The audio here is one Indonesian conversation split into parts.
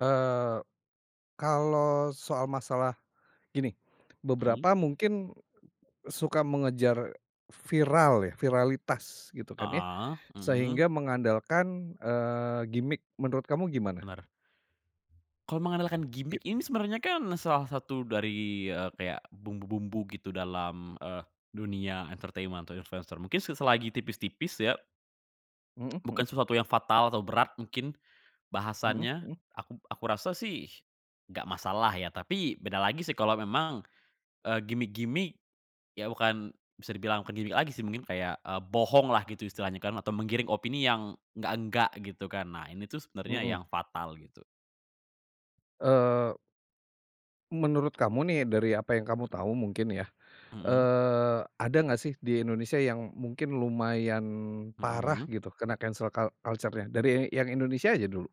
Eee, kalau soal masalah, gini, Mhm. beberapa mungkin, suka mengejar, viral ya, viralitas gitu kan ya, Heeh, mhm. sehingga mengandalkan, eee, gimik. Menurut kamu, gimana? Bener. Kalau mengandalkan Iya. gimik ini sebenarnya kan salah satu dari, eee, kayak bumbu-bumbu gitu dalam, eee, dunia entertainment atau influencer mungkin se selagi tipis-tipis ya. Mhm Bukan mhm. sesuatu yang fatal atau berat mungkin, Mhm bahasannya, mhm. aku aku rasa sih, nggak masalah ya. Tapi beda lagi sih kalau memang, eee, gimik-gimik, ya bukan bisa dibilang bukan gimik lagi sih mungkin kayak, eee, bohong lah gitu istilahnya kan, atau menggiring opini yang, enggak enggak gitu kan. Nah ini tuh sebenarnya Mhm. yang fatal gitu. Eee menurut kamu nih dari apa yang kamu tahu mungkin ya, Mhm. eee, ada nggak sih di Indonesia yang mungkin lumayan parah Mhm. gitu kena cancel cul culture-nya? Dari yang yang Indonesia aja dulu.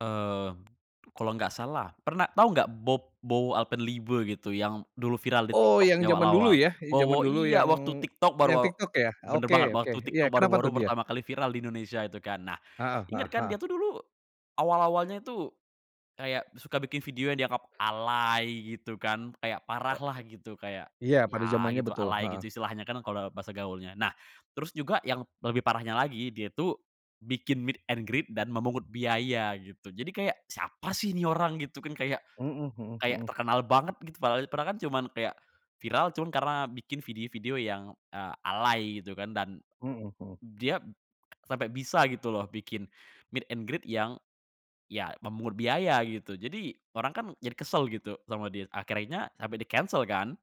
Eee, kalau nggak salah, pernah tahu nggak bob Bowo Alpenliebe gitu yang dulu viral di Oh, TikTok yang zaman dulu diawal-awal? ya, yang zaman Bowo dulu iya yang waktu TikTok baru yang aw TikTok ya? bener banget Oke oke, waktu iya, TikTok kenapa baru-baru tuh dia? pertama kali viral di Indonesia itu kan. Nah, Heeh ingat heeh kan dia heeh. tuh dulu, awal-awalnya itu, kayak suka bikin video yang dianggap alay gitu kan, kayak parah Oke. lah gitu kayak, Iya pada ya zamannya gitu betul, alay heeh. gitu istilahnya kan kalau bahasa gaulnya. Nah, terus juga yang lebih parahnya lagi dia tuh, bikin meet and greet dan memungut biaya, gitu. Jadi kayak, "Siapa sih nih orang?" Gitu kan kayak, Mhm mhm kayak mhm. terkenal banget gitu padahal padahal kan cuman kayak, viral cuman karena bikin video-video yang, eee, alay gitu kan dan, Mhm mhm. d dia sampai bisa gitu loh bikin, meet and greet yang, ya memungut biaya gitu. Jadi orang kan jadi kesel gitu sama dia akhirnya sampai di cancel kan.